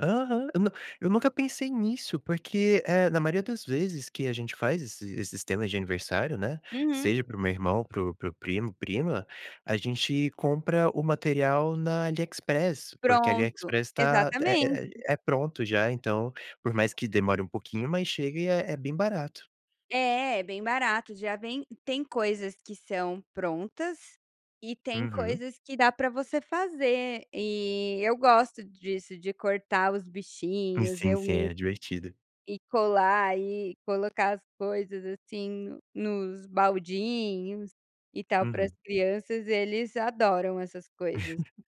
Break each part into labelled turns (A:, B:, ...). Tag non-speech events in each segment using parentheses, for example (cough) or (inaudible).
A: Aham, eu nu eu nunca pensei nisso, porque, eh, na maioria das vezes, que a gente faz esse esse sistema de aniversário, né,
B: Uhum.
A: seja para o meu irmão, para o para o primo prima, a gente compra o material na Aliexpress, porque a
B: Pronto,
A: Aliexpress está, é
B: exatamente.
A: é é pronto, já, então, por mais que demore um pouquinho, mas chega e é é bem barato.
B: É, bem barato, já vem e tem coisas que são prontas e tem
A: Uhum.
B: coisas que dá para você fazer, e eu gosto disso, de cortar os bichinhos,
A: Sim,
B: eu
A: sim,
B: me
A: é divertido.
B: e colar e colocar as coisas, assim, nos baldinhos e tal, para as
A: Uhum.
B: crianças eles adoram essas coisas.
A: (chuckles)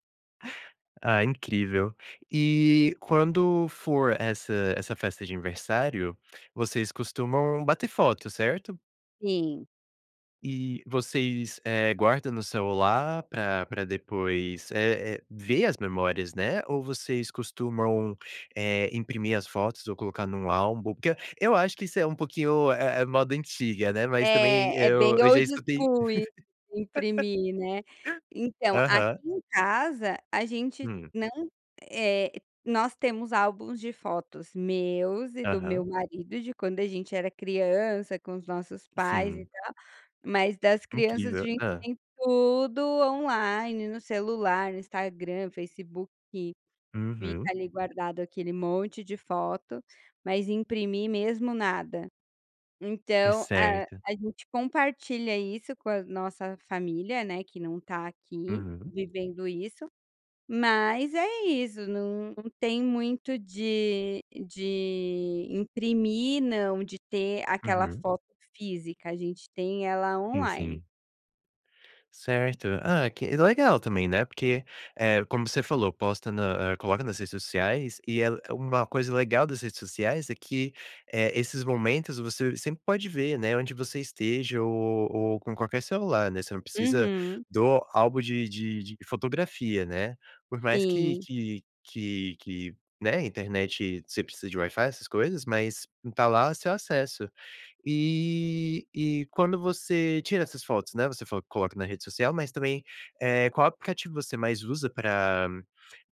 A: Ah, incrível. Eh, quando for essa essa festa de aniversário, vocês costumam bater foto, certo?
B: Sim.
A: E, vocês, eh, guardam no celular pra pra depois, eh eh, ver as memórias, né. Ou vocês costumam, eh, imprimir as fotos ou colocar num álbum porque, eu acho que isso é um pouquinho, eh eh, moda antiga, né, mas, também,
B: É é
A: eu
B: bem
A: eu já
B: old
A: escutei
B: school im
A: (laughs)
B: imprimir, né. Então, aqui
A: Aham.
B: em casa a gente
A: Hum.
B: não eh, nós temos álbuns de fotos meus e do meu
A: Aham.
B: marido, de quando a gente era criança, com os nossos pais e
A: Sim.
B: tal, mas das crianças a
A: Incrível.
B: gente
A: Hã.
B: tem tudo online, no celular, no Instagram, Facebook, fi fica
A: Uhum.
B: ali guardado aquele monte de foto, mas imprimir mesmo, nada,
A: E,
B: então, ah,
A: certo.
B: a gente compartilha isso com a nossa família, né, que não está aqui,
A: Uhum.
B: vivendo isso, mas, é isso, não tem muito de de imprimir, não, de ter aquela
A: Uhum.
B: foto física, a gente tem ela
A: Sim,
B: online.
A: sim. Certo. Ah, que legal também, né, porque, eh, como você falou, posta na eh, coloca nas redes sociais e é uma coisa legal das redes sociais, é que, eh, esses momentos você sempre pode ver, né, onde você esteja ou ou com qualquer celular, né, você não precisa
B: Uhum.
A: do álbum de de de fotografia, né. Por mais que
B: Sim
A: que que que, né, internet você precisa de Wi-fi essas coisas, mas, e tá lá o seu acesso. Eh, e quando você tira essas fotos, né, você falou que coloca na rede social mas também, eh, qual aplicativo você mais usa pra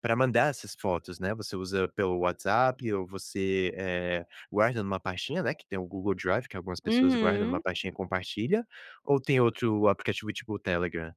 A: pra mandar essas fotos, né? Você usa pelo WhatsApp ou você, eh, guarda em uma pastinha, né, tem o Google Drive que algumas pessoas guardam em uma
B: Uhum.
A: pastinha e compartilha, ou tem outro aplicativo tipo o Telegram?